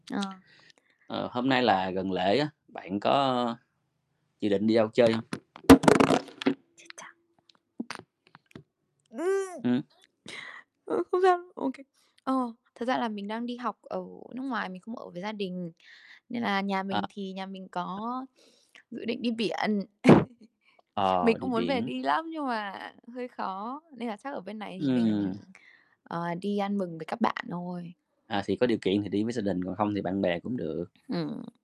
Ờ. Ờ, hôm nay là gần lễ á, bạn có dự định đi đâu chơi hông? Chết cha. Ừm. Ơ, không sao, OK. Ờ, thật ra là mình đang đi học ở nước ngoài, mình không ở với gia đình, nên là nhà À. mình thì nhà mình À. có dự định đi biển. Ờ, Mình đi cũng muốn về biển. đi lắm nhưng mà hơi khó, nên là chắc ở bên này thì Ừm. mình, ờ, đi ăn mừng với các bạn thôi. À, thì có điều kiện thì đi với gia đình, còn không thì bạn bè cũng được. Ừm.